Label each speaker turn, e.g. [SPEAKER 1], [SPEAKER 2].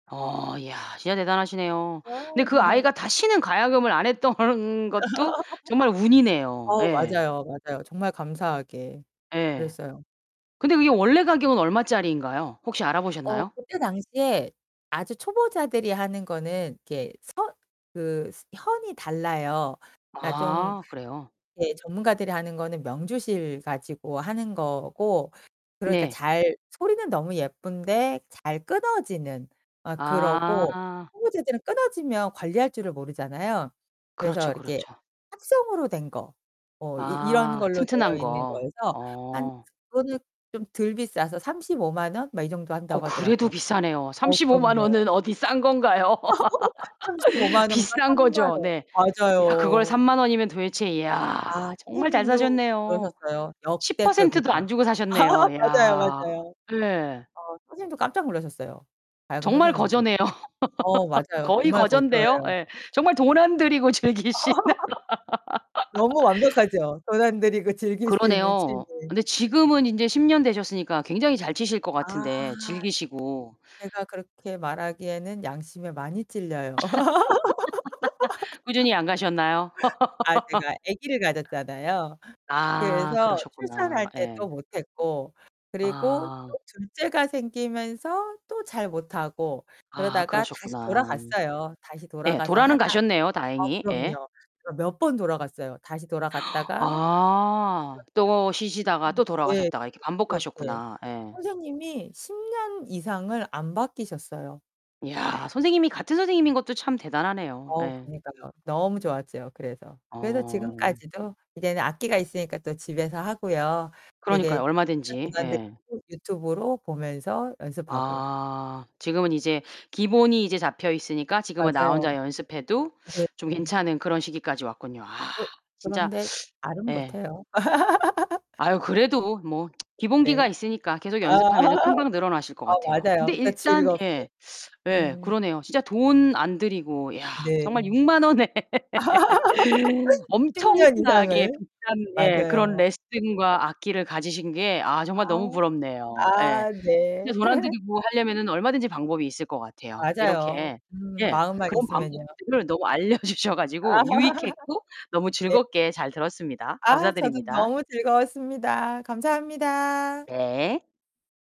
[SPEAKER 1] 어, 야. 진짜 대단하시네요.
[SPEAKER 2] 와.
[SPEAKER 1] 근데 그 아이가 다시는 가야금을 안 했던 것도 정말 운이네요.
[SPEAKER 2] 어,
[SPEAKER 1] 예.
[SPEAKER 2] 맞아요, 맞아요. 정말 감사하게.
[SPEAKER 1] 예.
[SPEAKER 2] 그랬어요.
[SPEAKER 1] 근데 그게 원래 가격은 얼마짜리인가요? 혹시
[SPEAKER 2] 어
[SPEAKER 1] 알아보셨나요?
[SPEAKER 2] 그때 당시에 아주 초보자들이 하는 거는 이렇게 선 그 스 현이 달라요. 그러니까 좀
[SPEAKER 1] 아, 그래요?
[SPEAKER 2] 예 전문가들이 하는 거는 명주실 가지고 하는 거고 그러니까
[SPEAKER 1] 네.
[SPEAKER 2] 잘 소리는 너무 예쁜데 잘 끊어지는. 어, 그러고
[SPEAKER 1] 아.
[SPEAKER 2] 초보자들은 끊어지면 관리할 줄을 모르잖아요. 그래서
[SPEAKER 1] 그렇죠,
[SPEAKER 2] 이렇게
[SPEAKER 1] 그렇죠.
[SPEAKER 2] 합성으로 된 거. 뭐 이 이런
[SPEAKER 1] 아,
[SPEAKER 2] 걸로 되어
[SPEAKER 1] 튼튼한
[SPEAKER 2] 있는
[SPEAKER 1] 거.
[SPEAKER 2] 거여서 한
[SPEAKER 1] 어.
[SPEAKER 2] 그거는 좀 덜 비싸서 350,000 원? 막 이 정도
[SPEAKER 1] 어
[SPEAKER 2] 한다고
[SPEAKER 1] 그래도
[SPEAKER 2] 하더라고요.
[SPEAKER 1] 비싸네요.
[SPEAKER 2] 어
[SPEAKER 1] 350,000
[SPEAKER 2] 그럼요.
[SPEAKER 1] 원은 어디 싼 건가요?
[SPEAKER 2] 350,000 원과
[SPEAKER 1] 비싼
[SPEAKER 2] 30,000
[SPEAKER 1] 거죠.
[SPEAKER 2] 원.
[SPEAKER 1] 네. 야, 그걸
[SPEAKER 2] 맞아요.
[SPEAKER 1] 30,000 원이면 도대체
[SPEAKER 2] 아
[SPEAKER 1] 야, 정말 잘
[SPEAKER 2] 선생님도
[SPEAKER 1] 사셨네요.
[SPEAKER 2] 그러셨어요.
[SPEAKER 1] 10% 도
[SPEAKER 2] "역대급이다."
[SPEAKER 1] 안 주고 사셨네요.
[SPEAKER 2] 맞아요,
[SPEAKER 1] 이야.
[SPEAKER 2] 맞아요.
[SPEAKER 1] 네.
[SPEAKER 2] 어 선생님도 깜짝 놀라셨어요 가야금
[SPEAKER 1] 정말
[SPEAKER 2] 선생님도.
[SPEAKER 1] 거저네요.
[SPEAKER 2] 어, 맞아요.
[SPEAKER 1] 거의
[SPEAKER 2] 정말
[SPEAKER 1] 거전데요.
[SPEAKER 2] 거저예요.
[SPEAKER 1] 예. 정말 돈 안 들이고 즐기시는.
[SPEAKER 2] 너무 완벽하죠? 돈 안 들이고 즐길 수 있는 취미.
[SPEAKER 1] 그러네요. 근데 지금은 인제 10 년 되셨으니까 굉장히 잘 치실 것
[SPEAKER 2] 아.
[SPEAKER 1] 같은데, 즐기시고.
[SPEAKER 2] 제가 그렇게 말하기에는 양심에 많이 찔려요.
[SPEAKER 1] 꾸준히 안 가셨나요?
[SPEAKER 2] 아 제가 아기를 가졌잖아요.
[SPEAKER 1] 아
[SPEAKER 2] 그래서
[SPEAKER 1] 그러셨구나.
[SPEAKER 2] 출산할 때
[SPEAKER 1] 예.
[SPEAKER 2] 또 못 했고. 그리고
[SPEAKER 1] 아.
[SPEAKER 2] 또 둘째가 생기면서 또 잘 못 하고.
[SPEAKER 1] 아
[SPEAKER 2] 그러다가 다시
[SPEAKER 1] 그러셨구나.
[SPEAKER 2] 돌아갔어요. 다시
[SPEAKER 1] 예,
[SPEAKER 2] 돌아가서
[SPEAKER 1] 돌아는
[SPEAKER 2] 하다가
[SPEAKER 1] 가셨네요,
[SPEAKER 2] 어,
[SPEAKER 1] 다행히. 예.
[SPEAKER 2] 그럼요. 그 몇 번 돌아갔어요. 다시 돌아갔다가
[SPEAKER 1] 아. 또 쉬시다가 또
[SPEAKER 2] [unintelligible] 네 네.
[SPEAKER 1] 돌아가셨다가 이렇게
[SPEAKER 2] 그렇게.
[SPEAKER 1] 반복하셨구나. 예.
[SPEAKER 2] 선생님이 10 년 이상을 안 바뀌셨어요.
[SPEAKER 1] 이야, 선생님이 같은 선생님인 것도 참 대단하네요.
[SPEAKER 2] 어,
[SPEAKER 1] 예.
[SPEAKER 2] 그니까요. 너무 좋았죠, 그래서. 그래서
[SPEAKER 1] 어.
[SPEAKER 2] 지금까지도 이제는 악기가 있으니까 또 집에서 하고요. 되게
[SPEAKER 1] 그러니까요,
[SPEAKER 2] 진짜 돈
[SPEAKER 1] 얼마든지.
[SPEAKER 2] 안
[SPEAKER 1] 예.
[SPEAKER 2] 들이고 유튜브로 보면서 연습하고.
[SPEAKER 1] 아. 지금은 이제 기본이 이제 잡혀 있으니까 지금은 나 혼자
[SPEAKER 2] 맞아요.
[SPEAKER 1] 연습해도
[SPEAKER 2] 네.
[SPEAKER 1] 좀 괜찮은 그런 시기까지 왔군요. 아
[SPEAKER 2] 그
[SPEAKER 1] 진짜
[SPEAKER 2] 그런데 잘은
[SPEAKER 1] 예.
[SPEAKER 2] 못해요.
[SPEAKER 1] 아유. 그래도 뭐 기본기가
[SPEAKER 2] 네.
[SPEAKER 1] 있으니까 계속
[SPEAKER 2] 아.
[SPEAKER 1] 연습하면은 금방 늘어나실 것
[SPEAKER 2] 어
[SPEAKER 1] 같아요. 근데
[SPEAKER 2] 맞아요. 그러니까
[SPEAKER 1] 일단
[SPEAKER 2] 즐겁게.
[SPEAKER 1] 예. 예.
[SPEAKER 2] 음.
[SPEAKER 1] 그러네요. 진짜 돈 안 들이고 야
[SPEAKER 2] 네.
[SPEAKER 1] 정말 60,000 원에
[SPEAKER 2] 10 년
[SPEAKER 1] 엄청나게
[SPEAKER 2] 이상을.
[SPEAKER 1] 비싼 예, 그런
[SPEAKER 2] 맞아요.
[SPEAKER 1] 레슨과 악기를 가지신 게 아 정말
[SPEAKER 2] 아.
[SPEAKER 1] 너무 부럽네요. 예.
[SPEAKER 2] 아, 네.
[SPEAKER 1] 진짜 돈 안 들이고 하려면은 얼마든지 방법이 있을 것 같아요.
[SPEAKER 2] 맞아요.
[SPEAKER 1] 이렇게
[SPEAKER 2] 음.
[SPEAKER 1] 예.
[SPEAKER 2] 마음만
[SPEAKER 1] 그런
[SPEAKER 2] 있으면요.
[SPEAKER 1] 방법들을 너무 알려주셔
[SPEAKER 2] 아.
[SPEAKER 1] 가지고 유익했고 너무
[SPEAKER 2] 네.
[SPEAKER 1] 즐겁게 잘 들었습니다.
[SPEAKER 2] 아 저도
[SPEAKER 1] 감사드립니다.
[SPEAKER 2] 너무 즐거웠습니다. 감사합니다.
[SPEAKER 1] 네.